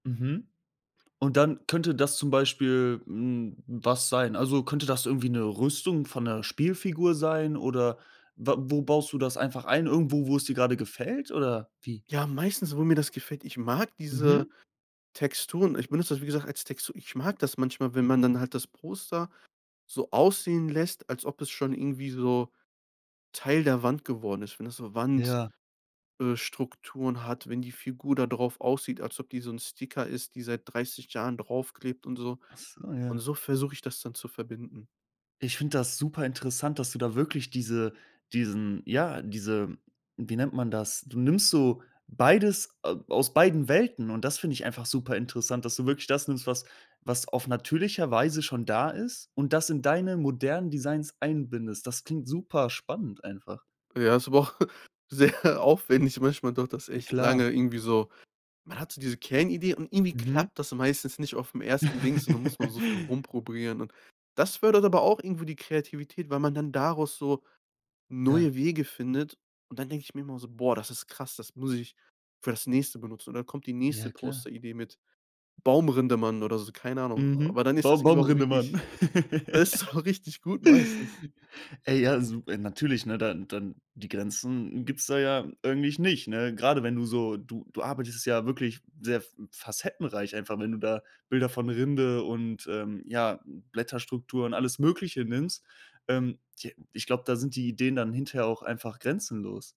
Mhm. Und dann könnte das zum Beispiel, hm, was sein? Also, könnte das irgendwie 'ne Rüstung von 'ner Spielfigur sein, oder wa wo baust du das einfach ein? Irgendwo, wo es dir gerade gefällt oder wie? Ja, meistens, wo mir das gefällt ich mag diese Mhm. Texturen. Ich benutze das, wie gesagt, als Textur. Ich mag das manchmal, wenn man dann halt das Poster so aussehen lässt, als ob es schon irgendwie so Teil der Wand geworden ist, wenn das so Wand Ja. äh, Strukturen hat, wenn die Figur da drauf aussieht, als ob die so 'n Sticker ist, die seit 30 Jahren draufklebt und so. Ah, Und ja. so versuche ich das dann zu verbinden. Ich finde das super interessant, dass du da wirklich diese diesen ja, diese, wie nennt man das? Du nimmst so beides a aus beiden Welten, und das finde ich einfach super interessant, dass du wirklich das nimmst, was was auf natürlicher Weise schon da ist und das in deine modernen Designs einbindest. Das klingt super spannend einfach. Ja, ist aber auch sehr aufwändig, manchmal dauert das echt lange Klar. irgendwie so. Man hat so diese Kernidee, und irgendwie Mhm. klappt das meistens nicht aufm ersten Dings, und dann muss man so viel rumprobieren. Und das fördert aber auch irgendwo die Kreativität, weil man dann daraus so Ja. neue Wege findet. Und dann denke ich mir immer so: „Boah, das ist krass, das muss ich für das Nächste benutzen.“ Und dann kommt die nächste Ja, klar. Posteridee mit Baumrinde-Mann oder so, keine Ahnung. Mhm. Aber dann ist das Baum irgendwie auch Baumrinde-Mann. wirklich da ist aber richtig gut meistens. Ey, ja, su äh, natürlich, ne, dann dann die Grenzen gibt's da ja eigentlich nicht, ne? Gerade wenn du so du du arbeitest ja wirklich sehr f facettenreich einfach, wenn du da Bilder von Rinde und, ähm, ja, Blätterstrukturen, alles Mögliche nimmst. Ähm, j ich glaube, da sind die Ideen dann hinterher auch einfach grenzenlos.